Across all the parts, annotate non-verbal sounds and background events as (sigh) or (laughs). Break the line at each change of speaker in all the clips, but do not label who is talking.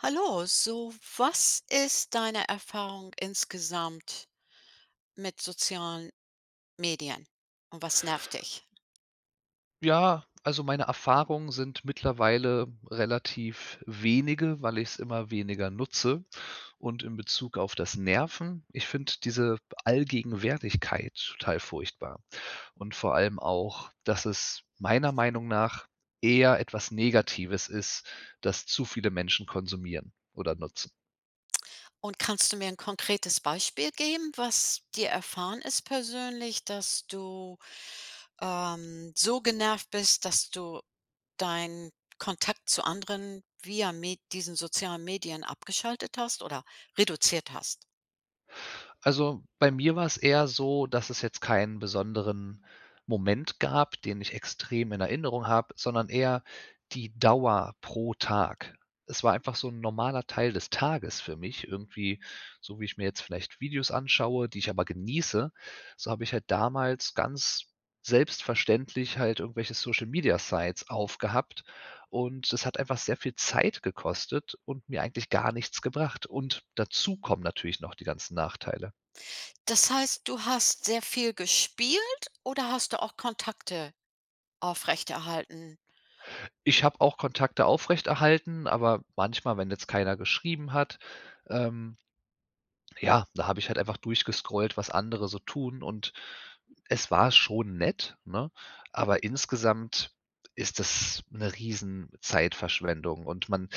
Hallo. So, was ist deine Erfahrung insgesamt mit sozialen Medien? Und was nervt dich?
Ja, also meine Erfahrungen sind mittlerweile relativ wenige, weil ich es immer weniger nutze und in Bezug auf das Nerven, ich finde diese Allgegenwärtigkeit total furchtbar und vor allem auch, dass es meiner Meinung nach eher etwas Negatives ist, dass zu viele Menschen konsumieren oder nutzen.
Und kannst du mir 'n konkretes Beispiel geben, was dir erfahren ist persönlich, dass du, ähm, so genervt bist, dass du deinen Kontakt zu anderen via Me diesen sozialen Medien abgeschaltet hast oder reduziert hast?
Also, bei mir war es eher so, dass es jetzt keinen besonderen Moment gab, den ich extrem in Erinnerung habe, sondern eher die Dauer pro Tag. Es war einfach so 'n normaler Teil des Tages für mich irgendwie, so wie ich mir jetzt vielleicht Videos anschaue, die ich aber genieße, so habe ich halt damals ganz selbstverständlich halt irgendwelche Social Media Sites aufgehabt und es hat einfach sehr viel Zeit gekostet und mir eigentlich gar nichts gebracht und dazu kommen natürlich noch die ganzen Nachteile.
Das heißt, du hast sehr viel gespielt oder hast du auch Kontakte aufrechterhalten?
Ich habe auch Kontakte aufrechterhalten, aber manchmal, wenn jetzt keiner geschrieben hat, ähm, ja, da habe ich halt einfach durchgescrollt, was andere so tun und es war schon nett, ne? Aber insgesamt ist das 'ne riesen Zeitverschwendung und man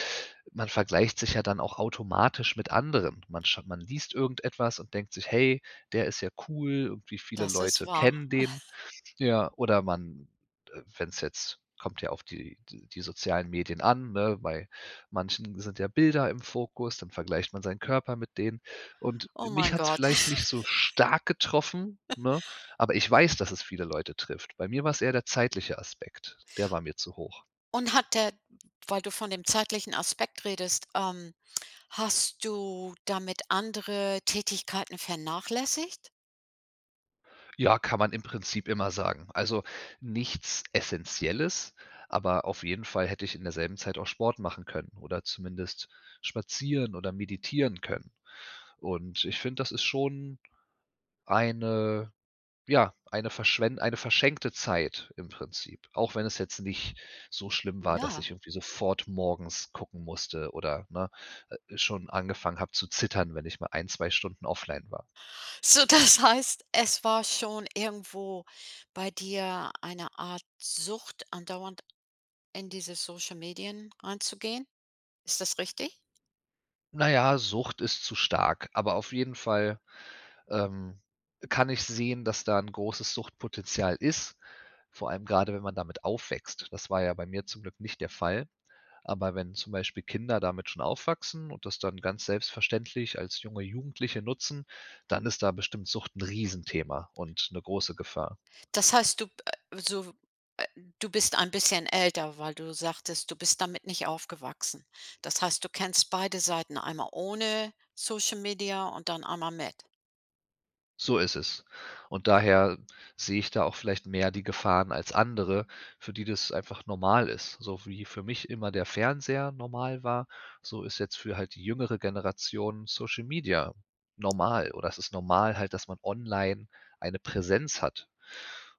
man vergleicht sich ja dann auch automatisch mit Anderen. Man sch man liest irgendetwas und denkt sich: „Hey, der ist ja cool und wie viele
Das ist
Leute
wahr.
kennen den,“
(chuckles)
ja. Oder man, äh, wenn's jetzt kommt ja auf die die sozialen Medien an, ne, bei manchen sind ja Bilder im Fokus, dann vergleicht man seinen Körper mit denen und
Oh
mich
mein
hat's
Gott.
vielleicht nicht so
(giggles)
stark getroffen,
(chuckles)
ne, aber ich weiß, dass es viele Leute trifft. Bei mir war's eher der zeitliche Aspekt. Der war mir zu hoch.
Und hat der weil du von dem zeitlichen Aspekt redest, ähm, hast du damit andere Tätigkeiten vernachlässigt?
Ja, kann man im Prinzip immer sagen. Also, nichts Essenzielles, aber auf jeden Fall hätte ich in derselben Zeit auch Sport machen können oder zumindest spazieren oder meditieren können. Und ich finde, das ist schon eine ja, eine verschwen eine verschenkte Zeit im Prinzip. Auch wenn es jetzt nicht so schlimm war, dass
Ja.
ich irgendwie sofort morgens gucken musste oder, ne, äh, schon angefangen habe zu zittern, wenn ich mal ein, zwei Stunden offline war.
So, das heißt, es war schon irgendwo bei dir eine Art Sucht, andauernd in diese Social-Medien reinzugehen. Ist das richtig?
Naja, Sucht ist zu stark, aber auf jeden Fall, ähm, kann ich sehen, dass da 'n großes Suchtpotenzial ist, vor allem gerade, wenn man damit aufwächst. Das war ja bei mir zum Glück nicht der Fall. Aber wenn zum Beispiel Kinder damit schon aufwachsen und das dann ganz selbstverständlich als junge Jugendliche nutzen, dann ist da bestimmt Sucht 'n Riesenthema und 'ne große Gefahr.
Das heißt, du, äh, so w äh, du bist ein bisschen älter, weil du sagtest, du bist damit nicht aufgewachsen. Das heißt, du kennst beide Seiten, einmal ohne Social-Media und dann einmal mit?
So ist es und daher sehe ich da auch vielleicht mehr die Gefahren als andere, für die das einfach normal ist. So wie für mich immer der Fernseher normal war, so ist jetzt für halt die jüngere Generation Social-Media normal oder es ist normal halt, dass man online eine Präsenz hat.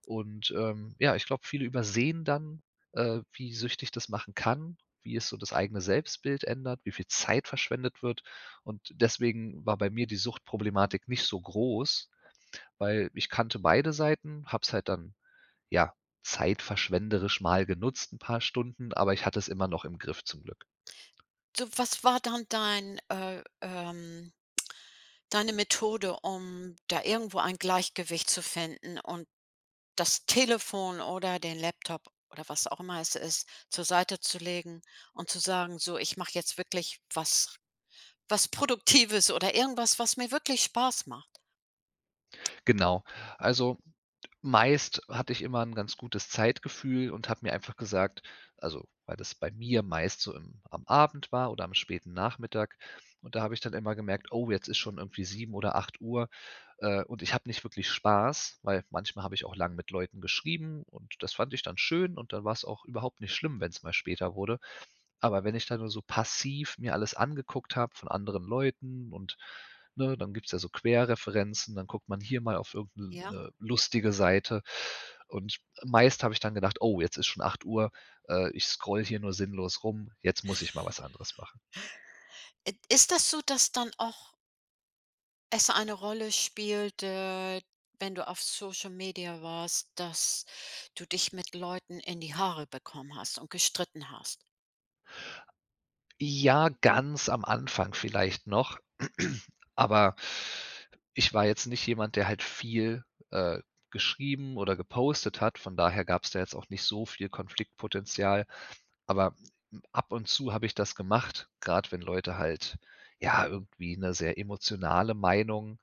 Und, ähm, ja, ich glaube, viele übersehen dann, äh, wie süchtig das machen kann, wie es so das eigene Selbstbild ändert, wie viel Zeit verschwendet wird. Und deswegen war bei mir die Suchtproblematik nicht so groß, weil ich kannte beide Seiten, habe es halt dann ja, zeitverschwenderisch mal genutzt 'n paar Stunden, aber ich hatte es immer noch im Griff zum Glück.
Du, was war dann dein, äh, ähm (clicks tongue) deine Methode, um da irgendwo ein Gleichgewicht zu finden und das Telefon oder den Laptop oder was auch immer es ist zur Seite zu legen und zu sagen: „So ich mache jetzt wirklich was was Produktives oder irgendwas, was mir wirklich Spaß macht“?
Genau. Also meist hatte ich immer 'n ganz gutes Zeitgefühl und habe mir einfach gesagt, also weil das bei mir meist so im am Abend war oder am späten Nachmittag und da habe ich dann immer gemerkt: „Oh, jetzt ist schon irgendwie 7:00 oder 8:00, äh, und ich habe nicht wirklich Spaß“, weil manchmal habe ich auch lange mit Leuten geschrieben und das fand ich dann schön und dann war's auch überhaupt nicht schlimm, wenn's mal später wurde. Aber wenn ich da nur so passiv mir alles angeguckt habe von anderen Leuten und, ne, dann gibt's ja so Querreferenzen, dann guckt man hier mal auf irgend 'ne
Ja.
'ne lustige Seite. Und meist habe ich dann gedacht: „Oh, jetzt ist schon 8:00, äh, ich scrolle hier nur sinnlos rum, jetzt muss ich mal was anderes machen“.
(chuckles) It ist das so, dass dann auch es eine Rolle spielt, äh, wenn du auf Social-Media warst, dass du dich mit Leuten in die Haare bekommen hast und gestritten hast?
Ja, ganz am Anfang vielleicht noch, aber ich war jetzt nicht jemand, der halt viel, äh, geschrieben oder gepostet hat, von daher gab's da jetzt auch nicht so viel Konfliktpotenzial. Aber m m ab und zu habe ich das gemacht, grad wenn Leute halt, ja, irgendwie 'ne sehr emotionale Meinung,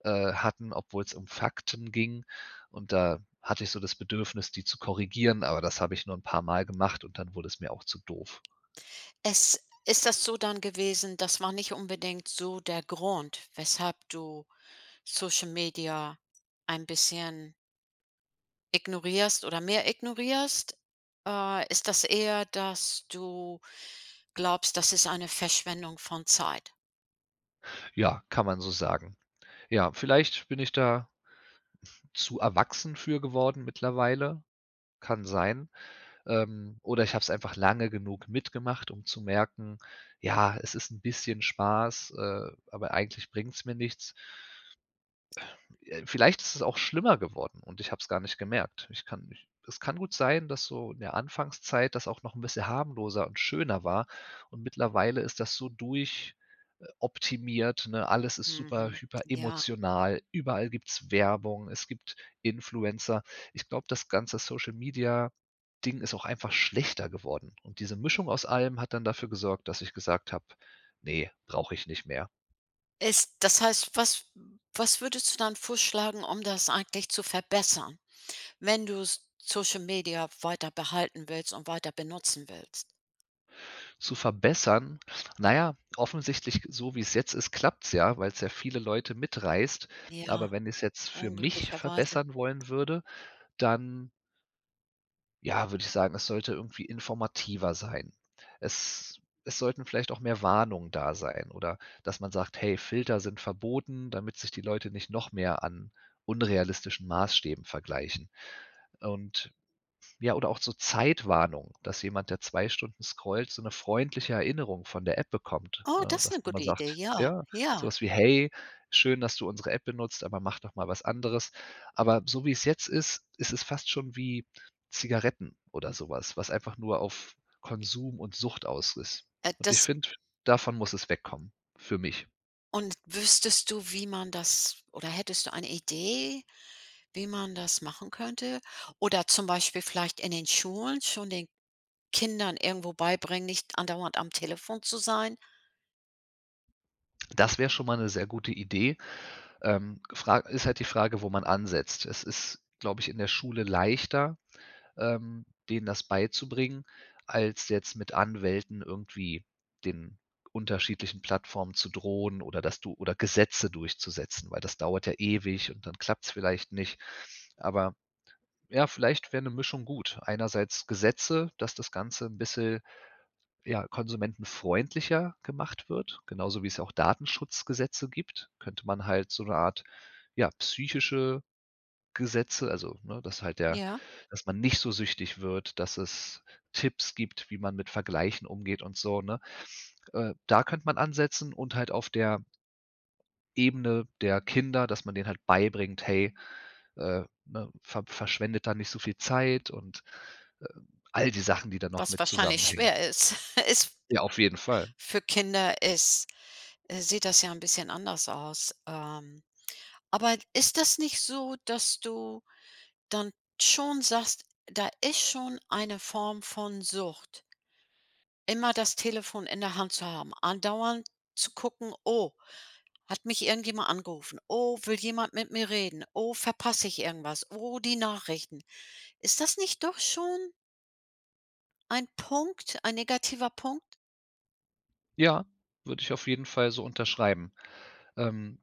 äh, hatten, obwohl es um Fakten ging, und da hatte ich so das Bedürfnis, die zu korrigieren, aber das habe ich nur 'n paar Mal gemacht und dann wurde es mir auch zu doof.
Es ist das so dann gewesen, das war nicht unbedingt so der Grund, weshalb du Social-Media ein bisschen ignorierst oder mehr ignorierst? Äh, ist das eher, dass du glaubst, dass es eine Verschwendung von Zeit?
Ja, kann man so sagen. Ja, vielleicht bin ich da zu erwachsen für geworden mittlerweile, kann sein. Ähm. Oder ich habe es einfach lange genug mitgemacht, um zu merken: „Ja, es ist 'n bisschen Spaß, äh, aber eigentlich bringt's mir nichts“. Äh, vielleicht ist es auch schlimmer geworden und ich habe es gar nicht gemerkt. Ich kann nicht es kann gut sein, dass so, in der Anfangszeit, das auch noch 'n bisschen harmloser und schöner war und mittlerweile ist das so durch äh, optimiert, ne? Alles ist super
Mhm. Ja.
hyperemotional. Überall gibt's Werbung. Es gibt Influencer. Ich glaube, das ganze Social-Media-Ding ist auch einfach schlechter geworden. Und diese Mischung aus allem hat dann dafür gesorgt, dass ich gesagt habe: „Ne, brauche ich nicht mehr“.
Ist das heißt, was was würdest du dann vorschlagen, um das eigentlich zu verbessern, wenn du S Social-Media weiter behalten willst und weiter benutzen willst?
Zu verbessern? Na ja, offensichtlich g so wie es jetzt ist, klappt's ja, weil's ja viele Leute mitreißt,
Ja,
aber wenn ich's jetzt für mich
unglücklicherweise.
verbessern wollen würde, dann ja, würde ich sagen, es sollte irgendwie informativer sein. Es es sollten vielleicht auch mehr Warnungen da sein oder, dass man sagt: „Hey, Filter sind verboten“, damit sich die Leute nicht noch mehr an unrealistischen Maßstäben vergleichen. Und ja oder auch so Zeitwarnungen, dass jemand, der 2 Stunden scrollt, so 'ne freundliche Erinnerung von der App bekommt,
Oh,
ne,
das ist
dass
'ne
man
gute
mal
Idee,
sagt
ja,
ja so
ja.
was wie: „Hey, schön, dass du unsere App benutzt, aber mach doch mal was Anderes.“ Aber so wie es jetzt ist, ist es fast schon wie Zigaretten oder so was, was einfach nur auf Konsum und Sucht aus ist
Äh,
und ich
das
finde, davon muss es wegkommen, für mich.
Und wüsstest du wie man das oder hättest du eine Idee, wie man das machen könnte? Oder zum Beispiel vielleicht in den Schulen schon den Kindern irgendwo beibringen, nicht andauernd am Telefon zu sein.
Das wäre schon mal 'ne sehr gute Idee. Ähm, Fra ist halt die Frage, wo man ansetzt. Es ist, glaube, ich in der Schule leichter, ähm, denen das beizubringen, als jetzt mit Anwälten irgendwie den unterschiedlichen Plattformen zu drohen oder dass du oder Gesetze durchzusetzen, weil das dauert ja ewig und dann klappt's vielleicht nicht. Aber ja, vielleicht wäre 'ne Mischung gut. Einerseits Gesetze, dass das Ganze 'n bisschen, ja, konsumentenfreundlicher gemacht wird. Genauso, wie es ja auch Datenschutzgesetze gibt, könnte man halt so 'ne Art ja psychische Gesetze also ne, dass halt der
Ja?
dass man nicht so süchtig wird, dass es Tipps gibt, wie man mit Vergleichen umgeht und so ne? Äh, da könnte man ansetzen und halt auf der Ebene der Kinder, dass man denen halt beibringt: „Hey, äh, ne, ver verschwendet da nicht so viel Zeit.“ Und, ähm, all die Sachen, die da noch
Was
mit
wahrscheinlich
zusammenhängen.
schwer ist (chuckles) ist
Ja, auf jeden Fall.
für Kinder ist äh, sieht das ja 'n bisschen anders aus, ähm. Aber ist das nicht so, dass du dann schon sagst, da ist schon eine Form von Sucht immer das Telefon in der Hand zu haben, andauernd zu gucken: „Oh, hat mich irgendjemand angerufen. Oh, will jemand mit mir reden. Oh, verpasse ich irgendwas. Oh, die Nachrichten.“ Ist das nicht doch schon ein Punkt, ein negativer Punkt?
Ja, würde ich auf jeden Fall so unterschreiben. Ähm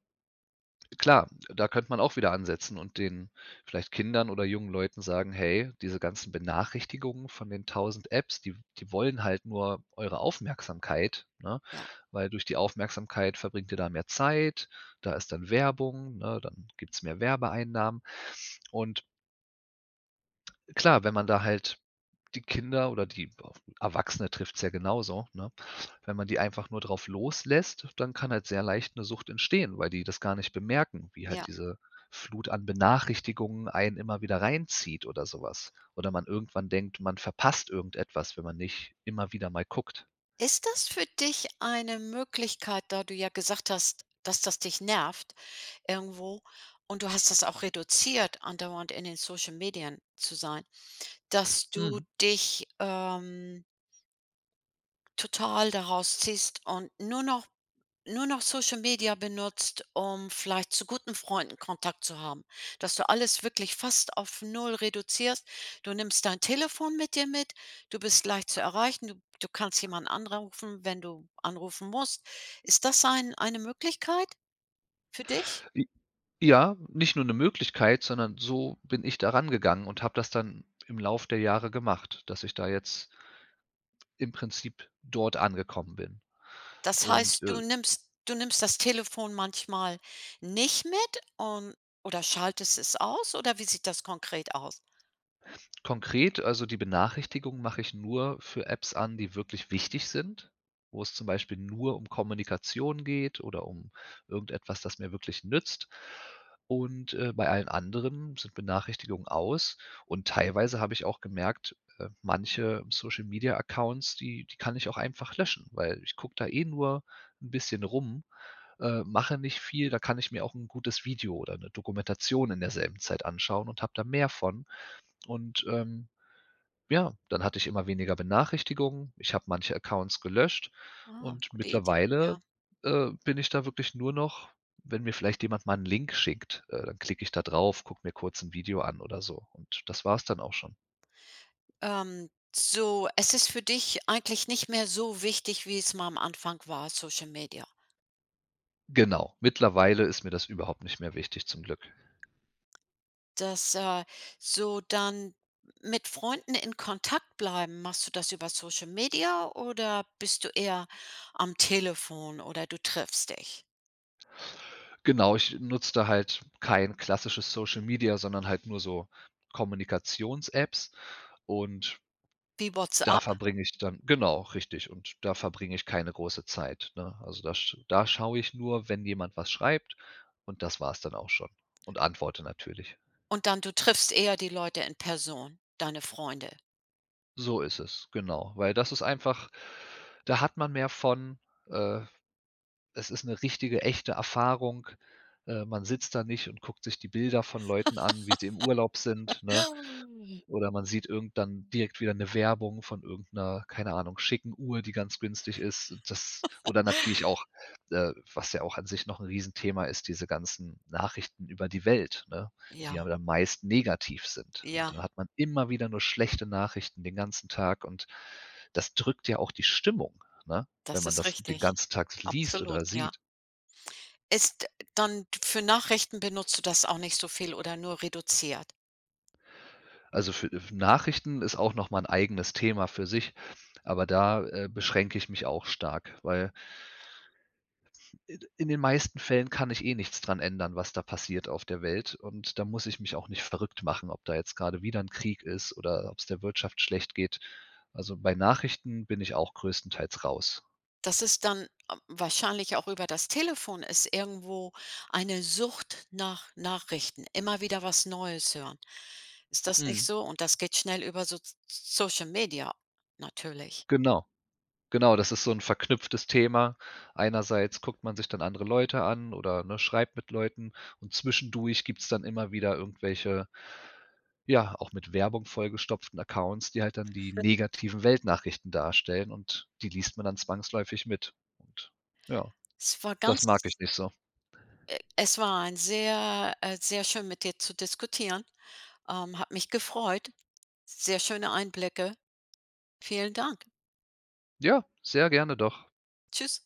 klar, da könnte man auch wieder ansetzen und den vielleicht Kindern oder jungen Leuten sagen: „Hey, diese ganzen Benachrichtigungen von den 1.000 Apps, die w die wollen halt nur eure Aufmerksamkeit, ne?
Ja.
Weil durch die Aufmerksamkeit verbringt ihr da mehr Zeit. Da ist dann Werbung, ne? Dann gibt's mehr Werbeeinnahmen." Und klar, wenn man da halt die Kinder oder die E Erwachsene trifft's ja genauso, ne? Wenn man die einfach nur drauf loslässt, dann kann halt sehr leicht 'ne Sucht entstehen, weil die das gar nicht bemerken, wie
Ja.
halt diese Flut an Benachrichtigungen einen immer wieder reinzieht oder so was oder man irgendwann denkt, man verpasst irgendetwas, wenn man nicht immer wieder mal guckt.
Ist das für dich eine Möglichkeit, da du ja gesagt hast, dass das dich nervt irgendwo und du hast das auch reduziert andauernd in den Social-Medien zu sein, dass du
Hm.
dich, ähm total daraus ziehst und nur noch nur noch Social-Media benutzt, um vielleicht zu guten Freunden Kontakt zu haben, dass du alles wirklich fast auf 0 reduzierst. Du nimmst dein Telefon mit dir mit. Du bist leicht zu erreichen. Du du kannst jemanden anrufen, wenn du anrufen musst. Ist das ein eine Möglichkeit für dich?
J Ja, nicht nur 'ne Möglichkeit, sondern so bin ich da rangegangen und habe das dann im Laufe der Jahre gemacht, dass ich da jetzt im Prinzip dort angekommen bin.
Das
Und,
heißt,
äh
du nimmst du nimmst das Telefon manchmal nicht mit und oder schaltest es aus oder wie sieht das konkret aus?
konkret, also die Benachrichtigung mache ich nur für Apps an, die wirklich wichtig sind, wo es zum Beispiel nur um Kommunikation geht oder um irgendetwas, das mir wirklich nützt. Und, äh, bei allen anderen sind Benachrichtigungen aus und teilweise habe ich auch gemerkt, äh, manche, Social-Media-Accounts, die die kann ich auch einfach löschen, weil ich gucke da eh nur 'n bisschen rum, äh, mache nicht viel, da kann ich mir auch 'n gutes Video oder 'ne Dokumentation in derselben Zeit anschauen und habe da mehr von. Und, ähm, ja, dann hatte ich immer weniger Benachrichtigungen. Ich habe manche Accounts gelöscht
Aha.
und
Gute Idee,
mittlerweile,
ja.
äh, bin ich da wirklich nur noch wenn mir vielleicht jemand mal 'n Link schickt, äh, dann klicke ich da drauf, gucke mir kurz 'n Video an oder so. Und das war's dann auch schon.
Ähm. So es ist für dich eigentlich nicht mehr so wichtig, wie es mal am Anfang war, Social-Media?
Genau. Mittlerweile ist mir das überhaupt nicht mehr wichtig zum Glück.
Dass, äh so dann mit Freunden in Kontakt bleiben, machst du das über Social-Media oder bist du eher am Telefon oder du triffst dich?
Genau, ich nutze da halt kein klassisches Social-Media, sondern halt nur so Kommunikationsapps und
Wie
da
WhatsApp?
verbringe ich, dann genau, richtig. Und da verbringe ich keine große Zeit, ne? Also, da sch da schaue ich nur, wenn jemand was schreibt, und das war's dann auch schon. Und antworte natürlich.
Und dann du triffst eher die Leute in Person, deine Freunde?
So ist es, genau. Weil das ist einfach da hat man mehr von äh, es ist 'ne richtige, echte Erfahrung. Äh, man sitzt da nicht und guckt sich die Bilder von Leuten an, wie sie im Urlaub
(laughs)
sind, ne? Oder man sieht irgend dann direkt wieder 'ne Werbung von irgend 'ner, keine Ahnung, schicken Uhr, die ganz günstig ist. Das
(laughs)
oder natürlich auch, äh, was ja auch an sich noch 'n Riesenthema ist, diese ganzen Nachrichten über die Welt, ne? Die
Ja.
aber dann meist negativ sind.
Ja.
Und dann hat man immer wieder nur schlechte Nachrichten den ganzen Tag und das drückt ja auch die Stimmung, ne? Wenn
Das
man
ist
das den
richtig.
ganzen Tag liest
Absolut,
oder
ja.
sieht.
Ist, dann für Nachrichten benutzt du das auch nicht so viel oder nur reduziert?
Also für Nachrichten ist auch noch mal 'n eigenes Thema für sich, aber da, äh, beschränke ich mich auch stark, weil i in den meisten Fällen kann ich eh nichts dran ändern was da passiert auf der Welt und dann muss ich mich auch nicht verrückt machen, ob da jetzt gerade wieder 'n Krieg ist oder ob's der Wirtschaft schlecht geht. Also, bei Nachrichten bin ich auch größtenteils raus.
Das ist dann, ähm wahrscheinlich auch über das Telefon, ist irgendwo eine Sucht nach Nachrichten. Immer wieder was Neues hören. Ist das nicht
Mhm.
so? Und das geht schnell über So Social-Media, natürlich.
Genau. Genau, das ist so 'n verknüpftes Thema. Einerseits guckt man sich dann andere Leute an oder ne, schreibt mit Leuten, und zwischendurch gibt's dann immer wieder irgendwelche ja, auch mit Werbung vollgestopften Accounts, die halt dann die
(chuckles)
negativen Weltnachrichten darstellen und die liest man dann zwangsläufig mit. Und ja,
Es war
das
ganz
mag ich nicht so.
äh, es war ein sehr äh, sehr schön mit dir zu diskutieren. Ähm, hat mich gefreut. Sehr schöne Einblicke. Vielen Dank.
Ja, sehr gerne doch.
Tschüss.